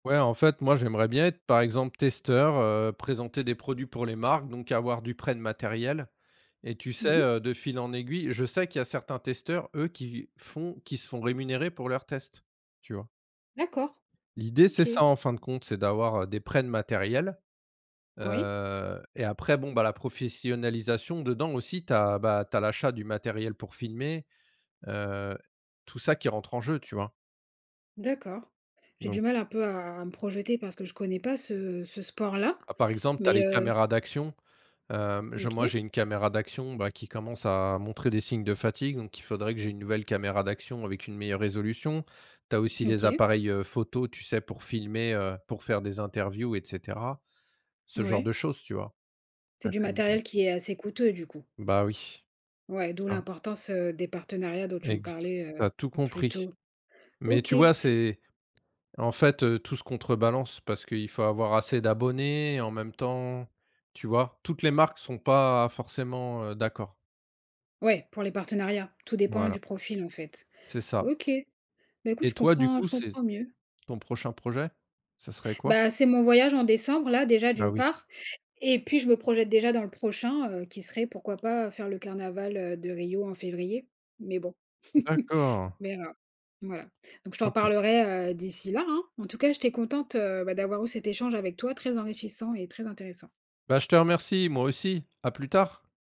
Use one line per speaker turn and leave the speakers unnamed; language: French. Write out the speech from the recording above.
Ouais en fait, moi j'aimerais bien être par exemple testeur, heu, présenter des produits pour les marques, donc avoir du prêt de matériel et tu sais,
Mmh mh.
heu, de fil en aiguille je sais qu'il y a certains testeurs, eux, qui font qui se font rémunérer pour leurs tests, tu vois?
D'accord.
L'idée c'est ça
OK.
en fin de compte, c'est d'avoir, heu, des prêts de matériel,
Oui.
heu, et après bon bah la professionnalisation dedans aussi tu as bah tu as l'achat du matériel pour filmer. Heu, tout ça qui rentre en jeu, tu vois?
D'accord. J'ai du
Donc
mal un peu à à me projeter parce que je ne connais pas ce ce sport là,
Par exemple, tu as
mais
les
heu
caméras d'action. Hem. Je moi,
OK.
j'ai une caméra d'action bah qui commence à montrer des signes de fatigue, donc il faudrait que j'ai une nouvelle caméra d'action avec une meilleure résolution. Tu as aussi les
OK.
appareils, heu, photos, tu sais, pour filmer, heu, pour faire des interviews et cetera. Ce genre
Ouais.
de choses, tu vois?
C'est du
[unintelligible]
matériel qui est assez coûteux, du coup?
Bah oui,
Ouais, d'où
ça.
l'importance, heu, des partenariats dont tu me
Exa
parlais,
tu as
heu,
tout
plus
compris,
tôt.
mais
OK.
tu vois? C'est en fait, heu, tout se contrebalance parce qu'il faut avoir assez d'abonnés en même temps. Tu vois? Toutes les marques sont pas, forcément, heu, d'accord.
Ouais, pour les partenariats. Tout dépend
Voilà.
du profil en fait.
C'est ça.
OK, mais écoute,
Et
je
toi, du
comprends je
coup, c'est
comprends mieux.
ton prochain projet, ça serait quoi?
Bah c'est mon voyage en décembre là déjà
Bah
d'une
oui.
part et puis je me projette déjà dans le prochain, heu, qui serait pourquoi pas faire le carnaval, heu, de Rio en février, mais bon.
D'accord.
Mais heu, voilà, donc je t'en
OK.
reparlerai, heu, d'ici là hein. En tout cas, j'étais contente, heu, bah d'avoir eu cet échange avec toi, très enrichissant et très intéressant.
Bah je te remercie moi aussi, à plus tard.